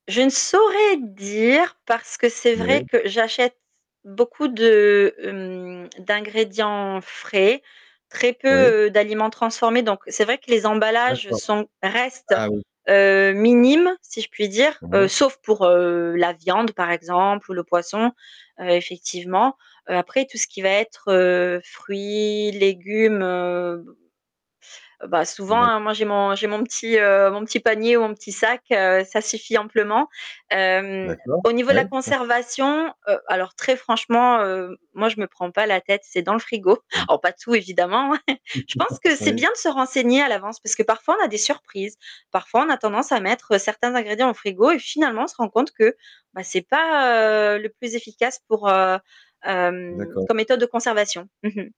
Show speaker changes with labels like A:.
A: Je ne saurais dire, parce que c'est
B: Ouais.
A: vrai que j'achète beaucoup de, hem, d'ingrédients frais, très
B: Oui.
A: peu, heu, d'aliments transformés, donc c'est vrai que les emballages
B: D'accord.
A: sont restent,
B: Ah oui.
A: heu, minimes, si je puis dire, heu,
B: Pardon.
A: sauf pour, heu, la viande par exemple ou le poisson, heu, effectivement. Heu, après tout ce qui va être, heu, fruits, légumes, heu, b heu, bah souvent, hein,
B: D'accord.
A: moi j'ai mon j'ai mon petit, heu, mon petit panier ou mon petit sac, heu, ça suffit amplement. Hem,
B: D'accord.
A: au niveau de
B: Ouais.
A: la conservation, heu, alors très franchement, heu, moi je me prends pas la tête, c'est dans le frigo.
B: Mmh.
A: Alors pas tout évidemment, hein. Je pense que c'est
B: Ouais.
A: bien de se renseigner à l'avance, parce que parfois on a des surprises. Parfois on a tendance à mettre certains ingrédients au frigo et finalement on se rend compte que, bah, c'est pas, heu, le plus efficace pour, heu, hem,
B: D'accord.
A: comme méthode de conservation. Mmh mh.